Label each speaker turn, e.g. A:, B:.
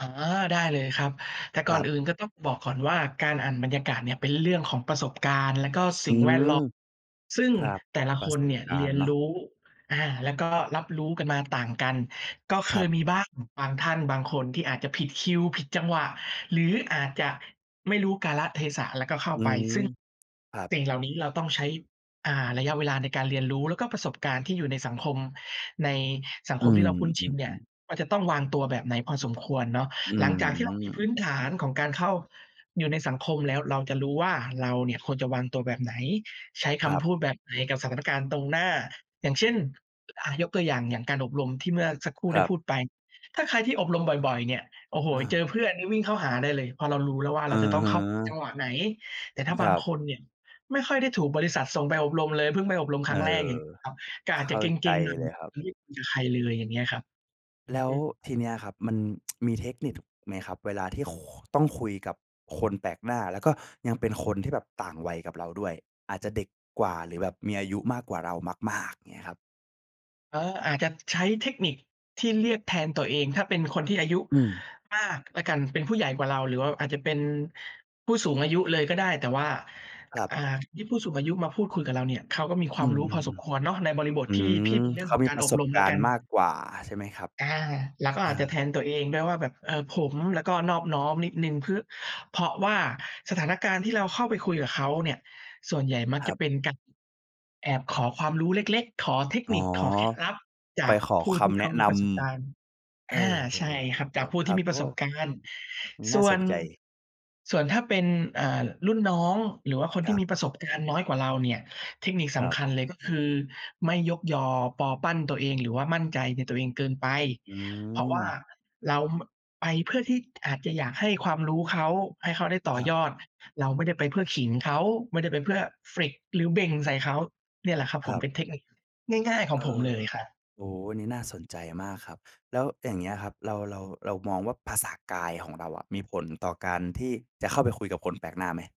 A: อ๋อ ได้เลยครับ แต่ก
B: ค
A: ่
B: ร
A: อน
B: ับ
A: อื่นก็ต้องบอกก่อนว่า การอ่านบรรยากาศเนี่ย เป็นเรื่องของประสบการณ์ แล้วก็
B: อ
A: ส
B: ื
A: ิ่งแวด
B: ม
A: เลาะ ซึ่ง
B: ครับ
A: แต่ละ
B: ปร
A: ค
B: ะ
A: น
B: สบ
A: เนี่ย
B: กา
A: เร
B: ร
A: ี
B: ณ
A: ย
B: ์
A: น
B: เนา
A: ร
B: ะ
A: ู้ อา แล้วก็รับรู้กันมาต่างกัน ก็เ
B: ค
A: ค
B: รับ
A: ยมีบ้าง บางท่าน บางคน ที่อาจจะผิดคิว ผิดจังหวะ หรืออาจจะไม่รู้กาลเทศะ แล้วก็เข้า
B: อื
A: ไป
B: ม
A: ซึ่ง
B: ครับ
A: สิ่งเหล่านี้เราต้องใช้ อ่า ระยะเวลาในการเรียนรู้ แล้วก็ประสบการณ์ที่อยู่ในสังคม ในสัง
B: อื
A: คมที่เราพุ่น
B: ม
A: ชิน เนี่ย
B: ๆ ๆ
A: ว่า จะต้องวางตัวแบบไหนพอสมควรเนาะ
B: อื
A: หลังจากที่เรามีพื
B: ม
A: ้นฐานของการเข้าอยู่ในสังคมแล้ว เราจะรู้ว่า เราเนี่ยควรจะวางตัวแบบไหน ใช้ค
B: ครับ
A: ำพูดแบบไหนกับสถานการณ์ตรงหน้า อย่างเช่น อ่า ยกตัวอย่าง อย่างการอบรมที่เมื่อสักครู่
B: ค
A: ไ
B: ร
A: ด้
B: ั
A: พ
B: บ
A: ูดไป ถ้าใครที่อบรมบ่อย ๆ เนี่ย โอ้โฮ
B: อ
A: เจ
B: า
A: อเพื่อนนี่วิ่งเข้าหาได้เลย เพราะเรารู้แล้วว่า
B: อื
A: เราจะ
B: อ
A: ต้อ
B: ฮ
A: งเข้าจ
B: ึ
A: ังหวะไหน แต่ถ้า
B: ค
A: บา
B: ร
A: ง
B: ับ
A: คนเนี่ยไม่ค่อยได้ถูกบริษัทส่งไปอบรมเลยเพิ่งไปอบรมค
B: เอ
A: ร
B: อ
A: ั้งแรก อย่างเงี้ยครับ ก็
B: เ
A: อ
B: ข
A: าจจะ
B: ้า
A: เก
B: ใจ
A: ร็ง ๆ หน่อย
B: เลยครับ
A: [unintelligible] ใครเลย อย่างเงี้ยครับ อื
B: แล้ว
A: ม
B: ทีเนี้ยครับ มัน มีเทคนิค ท ไหมครับ? เวลาที่ ค ต้องคุยกับคนแปลกหน้า แล้วก็ยังเป็นคนที่แบบต่างวัยกับเราด้วย อาจจะเด็กกว่า หรือแบบมีอายุมากกว่าเรามาก ๆ เงี้ยครับ
A: เออ อาจจะใช้เทคนิคที่เรียกแทนตัวเอง ถ้าเป็นคนที่อายุ
B: อืม
A: มากแล้วกัน เป็นผู้ใหญ่กว่าเรา หรือว่าอาจจะเป็นผู้สูงอายุเลยก็ได้ แต่ว่า
B: ครับ
A: อ่า ยิ่งผู้สูงอายุมาพูดคุยกับเราเนี่ย เขาก็มีค
B: อ
A: ว
B: ื
A: ามรู้พ
B: ม
A: อสมคว
B: ๆ
A: รเนาะ ในบริบ
B: ๆ
A: ท
B: อื
A: ที่ พ
B: ม
A: ี่ เป็นเรื่
B: เ
A: อ
B: ข
A: ง
B: า
A: ของ
B: มี
A: การ
B: ปร
A: อ
B: ะส
A: บร
B: บ
A: ม
B: ก
A: แ
B: า
A: ล้ว
B: ร
A: ก
B: ณ
A: ัน
B: ์มากกว่าใช่ไหมครับ?
A: อา เราก็
B: อ
A: อ
B: า
A: าจจะแทนตัวเองด้วยว่าแบบ เออ ผม แล้วก็นอบน้อมนิดหนึ่ง พึ เพราะว่าสถานการณ์ที่เราเข้าไปคุยกับเขาเนี่ย ส่วนใหญ่มั
B: ค
A: ก
B: ร
A: จ
B: ั
A: ะ
B: บ
A: เป็นการ แอบขอความรู้เล็ก ๆ ขอเทค
B: อ๋อ
A: นิค ขอเคล็ดลับ จ
B: ไป
A: าก
B: ขอ
A: ผู้
B: ค
A: ที่
B: ำ
A: เ
B: แ
A: ข
B: นะ
A: าม
B: น
A: ีประสบการณ์
B: ำ เอ
A: อ
B: อ
A: า ใช่ครับ จาก
B: ๆ
A: ผ
B: ๆ
A: ู้
B: ๆ ค
A: ที
B: รั
A: ่
B: บ
A: มีป
B: โอ
A: ร
B: ้
A: ะสบการณ์
B: นี้
A: ส
B: น่า
A: ่ว
B: ส
A: น
B: นใจ
A: ส่วนถ้าเป็น อ่า รุ่นน้อง หรือว่าคน
B: ค
A: ที
B: รั
A: ่
B: บ
A: มีประสบการณ์น้อยกว่าเราเนี่ย เทคนิค
B: ค
A: ส
B: รั
A: ำ
B: บ
A: คัญเลย ก็คือ ไม่ยกยอปอปั้นตัวเอง หรือว่ามั่นใจในตัวเองเกินไป
B: อื
A: เพราะว่า
B: ม
A: เรา ม ไปเพื่อที่อาจจะอยากให้ความรู้เขา ให้เขาได้ต
B: ค
A: ่อ
B: รับ
A: ยอด เราไม่ได้ไปเพื่อขิงเขา ไม่ได้ไปเพื่อ flex หรือเบ่งใส่เขา เนี่ยแหละครับ
B: ค
A: ผ
B: ร
A: ม
B: ับ
A: เป็นเทคนิคง่าย ๆ ขอ
B: เ
A: ง
B: อ
A: ผม
B: อ
A: เลยครับ
B: โอ้โฮ อันนี้ น่าสนใจมากครับ แล้วอย่างเงี้ยครับ เรา เรา เรามองว่าภาษากายของเราอะ มีผลต่อการที่จะเข้าไปคุยกับคนแปลกหน้าไหม?